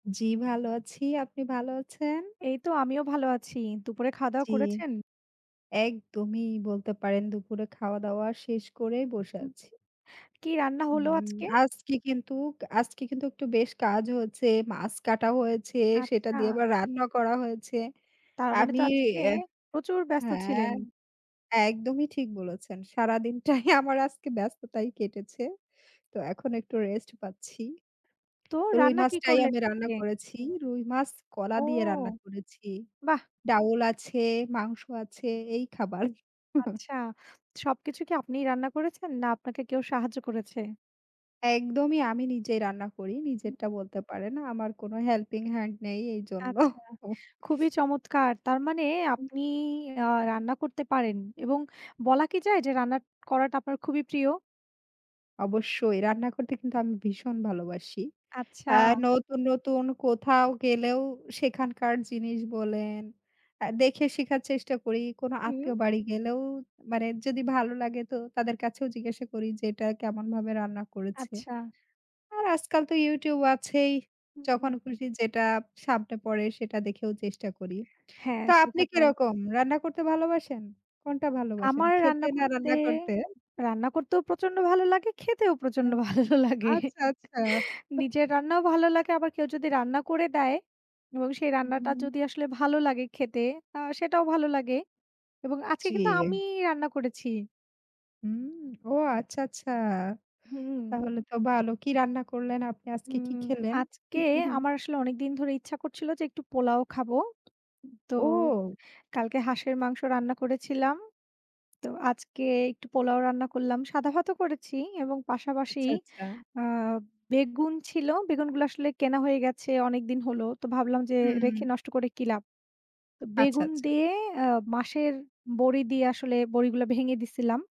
জি, ভালো আছি আপনি ভালো আছেন। এই তো আমিও ভাল আছি। দুপুরে খাওয়া দাওয়া জি। করেছেন? একদমই বলতে পারেন, দুপুরে খাওয়া দাওয়া শেষ করেই বসে আছি। কি রান্না হলো হুম আজকে? আজকে কিন্তু আজকে কিন্তু একটু বেশ কাজ হয়েছে। মাছ কাটা হয়েছে। সেটা দিয়ে আচ্ছা। আবার রান্না করা হয়েছে। তার মানে আমি তো আজকে প্রচুর ব্যস্ত হ্যাঁ, ছিলেন। একদমই ঠিক বলেছেন। সারাদিনটাই আমার আজকে ব্যস্ততায় কেটেছে। তো এখন একটু রেস্ট পাচ্ছি। তো রুই রান্না কি মাছটাই করলে আমি রান্না আজকে? করেছি। রুই মাছ কলা ও দিয়ে রান্না করেছি। বাহ। ডাউল আছে, মাংস আছে এই খাবার। আচ্ছা, সবকিছু কি আপনিই রান্না করেছেন? না আপনাকে কেউ সাহায্য করেছে? একদমই আমি নিজে রান্না করি, নিজেরটা বলতে পারে না, আমার কোনো হেল্পিং হ্যান্ড নেই, এইজন্য। আচ্ছা খুবই চমৎকার। তার মানে আপনি আ রান্না করতে পারেন এবং বলা কি যায় যে রান্না করাটা আপনার খুবই প্রিয়? অবশ্যই রান্না করতে কিন্তু আমি ভীষণ ভালোবাসি। আচ্ছা। আ নতুন, নতুন কোথাও গেলেও সেখানকার জিনিস বলেন, দেখে শিখার চেষ্টা করি। কোন হুম। আত্মীয় বাড়ি গেলেও মানে যদি ভালো লাগে তো তাদের কাছেও জিজ্ঞাসা করি যে "এটা কেমনভাবে রান্না করেছে।" আচ্ছা। আর আজকাল তো ইউটিউব আছেই। হুম। যখন খুশি যেটা সামনে পড়ে সেটা দেখেও চেষ্টা করি। হ্যাঁ তো আপনি সেখাটাই। কিরকম রান্না করতে ভালোবাসেন? কোনটা ভালোবাসেন? আমার খেতে রান্না না করতে রান্না করতে? রান্না করতেও প্রচন্ড ভালো লাগে খেতেও প্রচন্ড ভালো লাগে। আচ্ছা আচ্ছা। নিজের রান্নাও ভালো লাগে, আবার কেউ যদি রান্না করে দেয় এবং সেই রান্নাটা হুম। যদি আসলে ভালো লাগে খেতে আ সেটাও ভালো লাগে। এবং আজকে জি। কিন্তু আমি রান্না করেছি। হুম, ও আচ্ছা, আচ্ছা হুম। তাহলে তো ভালো। কি রান্না করলেন, আপনি আজকে হুম, কি খেলেন? আজকে আমার আসলে অনেকদিন ধরে ইচ্ছা করছিল যে একটু পোলাও খাবো। তো ও। কালকে হাঁসের মাংস রান্না করেছিলাম। তো আজকে একটু পোলাও রান্না করলাম। সাদা ভাতও করেছি এবং পাশাপাশি আচ্ছা, আচ্ছা। আ বেগুন ছিল। বেগুনগুলো আসলে কেনা হয়ে গেছে অনেকদিন হল। তো ভাবলাম যে রেখে হুম। নষ্ট করে কি লাভ? আচ্ছা, বেগুন আচ্ছা। দিয়ে আ মাসের বড়ি দিয়ে আসলে বড়িগুলো ভেঙে দিচ্ছিলাম।